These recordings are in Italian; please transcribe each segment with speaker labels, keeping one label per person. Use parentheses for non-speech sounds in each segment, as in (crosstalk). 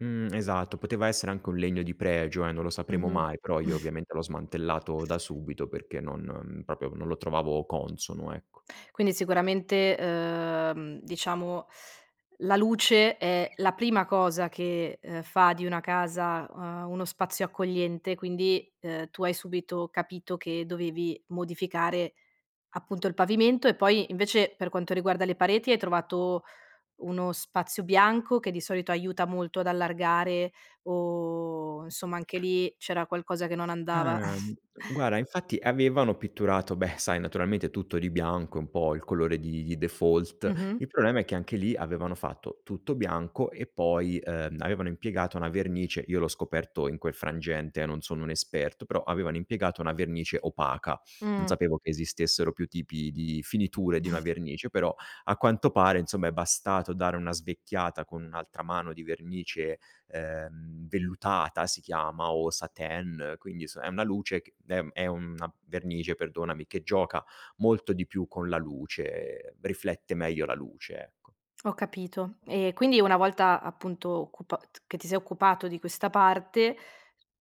Speaker 1: Mh, esatto, poteva essere anche un legno di pregio, eh, non lo sapremo
Speaker 2: Mh-mh.
Speaker 1: mai, però io,
Speaker 2: (snorts)
Speaker 1: ovviamente, l'ho smantellato da subito perché non mhmm, proprio non lo trovavo consono, ecco.
Speaker 2: Quindi, sicuramente, uhm, diciamo, la luce è la prima cosa che, ehm, fa di una casa, uhm, uno spazio accogliente, quindi, uhm, tu hai subito capito che dovevi modificare, appunto, il pavimento e poi, invece, per quanto riguarda le pareti, hai trovato uno spazio bianco, che di solito aiuta molto ad allargare, o insomma, anche lì, c'era qualcosa che non andava? (chuckles)
Speaker 1: Uhm, guarda infatti, avevano pitturato beh, sai, naturalmente tutto di bianco, è un po' il colore di default,
Speaker 2: Mh-mh.
Speaker 1: il problema è che, anche lì, avevano fatto tutto bianco e poi, ehm, avevano impiegato una vernice io l'ho scoperto in quel frangente, eh, non sono un esperto, però, avevano impiegato una vernice opaca. Non
Speaker 2: Mh.
Speaker 1: sapevo che esistessero più tipi di finiture, di una
Speaker 2: (chuckles)
Speaker 1: vernice, però, a quanto pare, insomma è bastato dare una svecchiata con 1 altra mano di vernice, ehm, vellutata, si chiama, o satin, quindi s è una luce c ehm, è una vernice, perdonami, che gioca molto di più con la luce, riflette meglio la luce, ecco.
Speaker 2: Ho capito. E quindi, una volta, appunto, occupat che ti sei occupato di questa parte,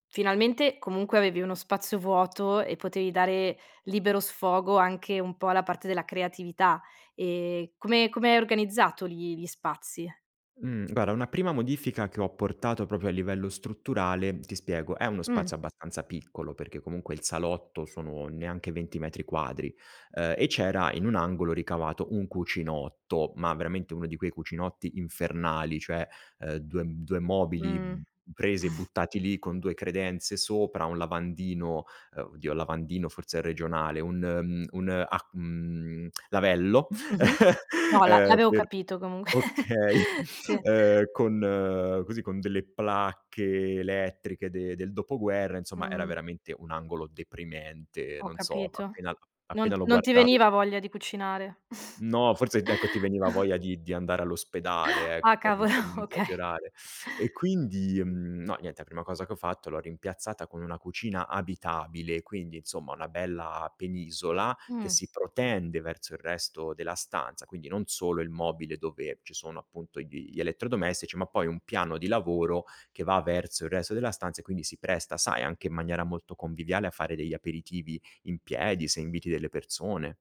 Speaker 2: finalmente, comunque avevi uno spazio vuoto, e potevi dare, libero sfogo, anche un po' alla parte della creatività. E, come come hai organizzato li li spazi?
Speaker 1: Mh, guarda una prima modifica che ho apportato, proprio a livello strutturale ti spiego: è uno
Speaker 2: Mh.
Speaker 1: spazio abbastanza piccolo, perché comunque il salotto sono, neanche 20 metri quadri, ehm, e c'era in un angolo ricavato un cucinotto, ma veramente, uno di quei cucinotti infernali, cioè, ehm, 2 m 2 mobili,
Speaker 2: Mh.
Speaker 1: mhmm, presi e
Speaker 2: (chuckles)
Speaker 1: buttati lì, con 2 credenze sopra, 1 lavandino ehm, oddio, lavandino forse è regionale, un, mhmm, un ac mhmm, lavello,
Speaker 2: Mh-mh,
Speaker 1: (chuckles)
Speaker 2: no, la
Speaker 1: ehm,
Speaker 2: l'avevo
Speaker 1: per
Speaker 2: capito, comunqu (giggles)
Speaker 1: okay,
Speaker 2: sì.
Speaker 1: ehm, con così, con delle placche elettriche de del dopoguerra, insomma, era
Speaker 2: Mh-mh.
Speaker 1: veramente un angolo deprimente, e
Speaker 2: Ho
Speaker 1: non so,
Speaker 2: capito.
Speaker 1: appena l
Speaker 2: Non
Speaker 1: appena lo
Speaker 2: non ti
Speaker 1: guardavi
Speaker 2: veniva voglia di cucinare. (chuckles)
Speaker 1: No, forse, d ecco, ti veniva
Speaker 2: (chuckles)
Speaker 1: voglia di di andare all'ospedale, ec
Speaker 2: Ah,
Speaker 1: per
Speaker 2: cavolo,
Speaker 1: per n
Speaker 2: okay.
Speaker 1: esagerare. E quindi, mhmm, no, niente, 'a prima cosa che ho fatto, l'ho rimpiazzata con una cucina abitabile, e quindi, insomma una bella penisola, che
Speaker 2: Mh.
Speaker 1: si protende verso il resto della stanza, quindi non solo il mobile, dove ci sono, appunto, gli gli elettrodomestici, ma poi un piano di lavoro, che va verso il resto della stanza, e quindi, si presta, sai, anche in maniera molto conviviale, a fare degli aperitivi in piedi, se inviti delle persone